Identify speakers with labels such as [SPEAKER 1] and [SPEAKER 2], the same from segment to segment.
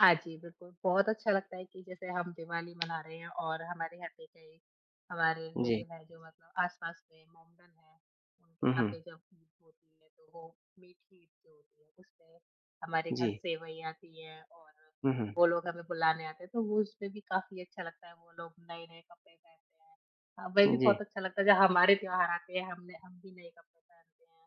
[SPEAKER 1] हाँ जी, बिल्कुल, बहुत अच्छा लगता है कि जैसे हम दिवाली मना रहे हैं और हमारे यहाँ पे कई हमारे
[SPEAKER 2] जी।
[SPEAKER 1] रिलेटिव हैं जो मतलब आस-पास के मोहम्मदन हैं। उनके
[SPEAKER 2] हुँ,
[SPEAKER 1] यहाँ
[SPEAKER 2] हुँ।
[SPEAKER 1] पे जब ईद होती है तो वो मीठी ईद जो होती है उस में हमारे घर
[SPEAKER 2] जी।
[SPEAKER 1] सेवई आती हैं और
[SPEAKER 2] हुँ, हुँ।
[SPEAKER 1] वो लोग हमें बुलाने आते हैं। तो उस पे भी काफ़ी अच्छा लगता है वो लोग नए-नए कपड़े पहनते हैं, हमें भी
[SPEAKER 2] जी।
[SPEAKER 1] बहुत अच्छा लगता है। जब हमारे त्योहार आते हैं हम ने हम भी नए कपड़े पहनते हैं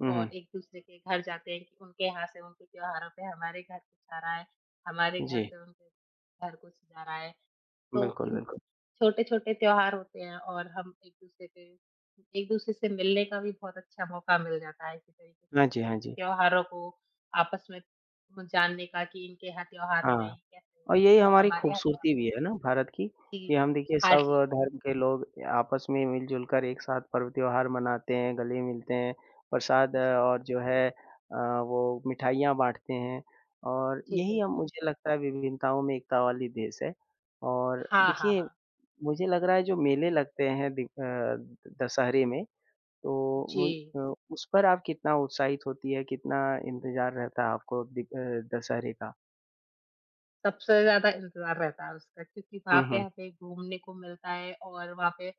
[SPEAKER 2] हुँ, हुँ।
[SPEAKER 1] और एक-दूसरे के घर जाते हैं कि उनके यहाँ से उनके त्योहारों पे हमारे घर कुछ आ रहा है, हमारे घर
[SPEAKER 2] जी।
[SPEAKER 1] से उनके घर कुछ जा रहा है। तो
[SPEAKER 2] बिल्कुल,
[SPEAKER 1] इन
[SPEAKER 2] बिल्कुल।
[SPEAKER 1] छोटे-छोटे त्योहार होते हैं और हम एक-दूसरे के एक-दूसरे से मिलने का भी बहुत अच्छा मौका मिल जाता है। इस तरीके से
[SPEAKER 2] हाँ जी,
[SPEAKER 1] एक-दूसरे
[SPEAKER 2] हाँ
[SPEAKER 1] के
[SPEAKER 2] जी।
[SPEAKER 1] त्योहारों को आपस में ब जानने का कि इनके यहाँ त्योहार हो रहे
[SPEAKER 2] हाँ
[SPEAKER 1] हैं, कैसे हो
[SPEAKER 2] और
[SPEAKER 1] रहे
[SPEAKER 2] ये
[SPEAKER 1] हैं।
[SPEAKER 2] ही
[SPEAKER 1] या
[SPEAKER 2] हमारी
[SPEAKER 1] हमारे यहाँ त्योहार
[SPEAKER 2] ख़ूबसूरती भी है ना भारत की, कि
[SPEAKER 1] जी,
[SPEAKER 2] हम देखिए
[SPEAKER 1] हाँ
[SPEAKER 2] सब
[SPEAKER 1] जी।
[SPEAKER 2] धर्म के लोग अ, आपस में मिल-जुल कर एक साथ पर्व-त्योहार मनाते हैं, गले मिलते हैं, प्रसाद
[SPEAKER 1] जी।
[SPEAKER 2] और जो है अ, वो मिठाइयाँ बाँटते हैं। और
[SPEAKER 1] जी,
[SPEAKER 2] यही अ,
[SPEAKER 1] बिल्कुल।
[SPEAKER 2] मुझे लगता है विभिन्नताओं में एकता वाली देश है। और
[SPEAKER 1] हाँ, हाँ,
[SPEAKER 2] देखिए
[SPEAKER 1] हाँ।
[SPEAKER 2] मुझे लग रहा है जो मेले लगते हैं दि अ, दशहरे में तो उ
[SPEAKER 1] जी।
[SPEAKER 2] अ, उस पर आप कितना उत्साहित होती है? कितना इंतज़ार रहता है आपको दि अ, दशहरे का?
[SPEAKER 1] सबसे ज़्यादा इंतज़ार रहता है उसका क्योंकि वहाँ
[SPEAKER 2] हुँ,
[SPEAKER 1] पे
[SPEAKER 2] हुँ।
[SPEAKER 1] हमें घूमने को मिलता है और वहाँ पे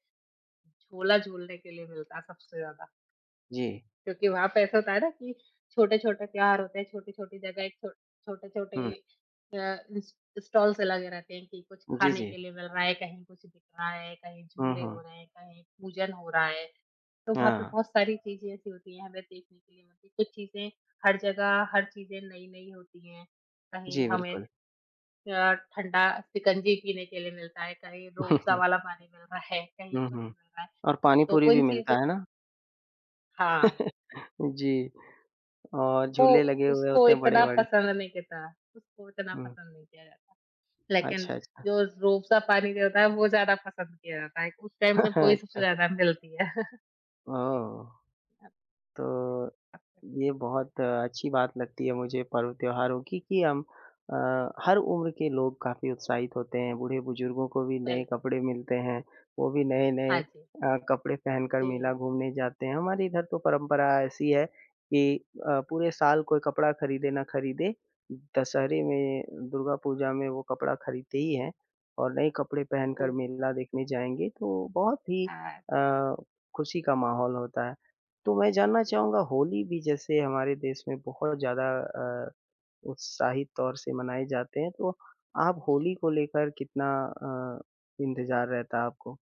[SPEAKER 1] झूला झूलने के लिए मिलता है सबसे ज़्यादा।
[SPEAKER 2] जी।
[SPEAKER 1] क्योंकि वहाँ पे ऐसा होता है ना कि छोटे-छोटे त्योहार होते हैं, छोटी-छोटी जगह एक छो छोटे-छोटे
[SPEAKER 2] हुँ।
[SPEAKER 1] अ, इस स्टॉल्स लगे रहते हैं कि कुछ
[SPEAKER 2] जी,
[SPEAKER 1] खाने के
[SPEAKER 2] जी।
[SPEAKER 1] लिए मिल रहा है, कहीं कुछ बिक रहा है, कहीं
[SPEAKER 2] हुँ,
[SPEAKER 1] झूले हो
[SPEAKER 2] हुँ।
[SPEAKER 1] रहे हैं, कहीं पूजन हो रहा है। तो वहाँ पे
[SPEAKER 2] हाँ।
[SPEAKER 1] बहुत सारी चीज़ें ऐसी होती हैं हमें देखने के लिए मिलती हैं। कुछ चीज़ें हर जगह हर चीज़ें नई-नई होती हैं, कहीं
[SPEAKER 2] जी,
[SPEAKER 1] हमें
[SPEAKER 2] बिल्कुल।
[SPEAKER 1] अ, ठंडा शिकंजी पीने के लिए मिलता है, कहीं रूह अफ़ज़ा वाला पानी मिल रहा है, कहीं
[SPEAKER 2] हुँ,
[SPEAKER 1] कुछ
[SPEAKER 2] हुँ।
[SPEAKER 1] मिल रहा है।
[SPEAKER 2] और
[SPEAKER 1] तो
[SPEAKER 2] पानीपुरी
[SPEAKER 1] उन
[SPEAKER 2] भी मिलता
[SPEAKER 1] चीज़ों
[SPEAKER 2] है ना?
[SPEAKER 1] हाँ।
[SPEAKER 2] जी, और
[SPEAKER 1] वो
[SPEAKER 2] झूले लगे हुए
[SPEAKER 1] उसको
[SPEAKER 2] होते हैं
[SPEAKER 1] इतना
[SPEAKER 2] बड़े-बड़े।
[SPEAKER 1] पसंद नहीं करता उसको उतना
[SPEAKER 2] हुँ।
[SPEAKER 1] नहीं किया जाता। लेकिन
[SPEAKER 2] अच्छा, अच्छा।
[SPEAKER 1] जो रूह अफ़ज़ा पानी दिया होता है वो ज़्यादा पसंद किया जाता है, उस टाइम पे वो ही सबसे
[SPEAKER 2] अच्छा।
[SPEAKER 1] ज़्यादा मिलती है। जी,
[SPEAKER 2] ओह!
[SPEAKER 1] हाँ जी।
[SPEAKER 2] तो ये बहुत अच्छी बात लगती है मुझे पर्व-त्योहारों की कि हम अ,
[SPEAKER 1] जी।
[SPEAKER 2] हर उम्र के लोग काफ़ी उत्साहित होते हैं। बूढ़े-बुज़ुर्गों को भी नए
[SPEAKER 1] बिल्कु
[SPEAKER 2] कपड़े मिलते हैं, वो भी नए-नए
[SPEAKER 1] हाँ जी।
[SPEAKER 2] अ, कपड़े पहनकर मेला
[SPEAKER 1] जी।
[SPEAKER 2] घूमने जाते हैं। हमारे इधर तो परंपरा ऐसी है कि अ, पूरे साल कोई कपड़ा ख़रीदे ना ख़रीदे, दशहरे में, दुर्गा पूजा में वो कपड़ा ख़रीदते ही हैं। और नए कपड़े पहनकर
[SPEAKER 1] ओह!
[SPEAKER 2] मेला देखने जाएँगे तो बहुत ही
[SPEAKER 1] हाँ।
[SPEAKER 2] अ, ख़ुशी का माहौल होता है। तो मैं जानना
[SPEAKER 1] जी, जी।
[SPEAKER 2] चाहूँगा होली भी जैसे हमारे देश में बहुत ज़्यादा अ, उत्साहित तौर से मनाए जाते हैं। तो आप होली
[SPEAKER 1] जी।
[SPEAKER 2] को लेकर कितना अ, इंतज़ार रहता है आपको?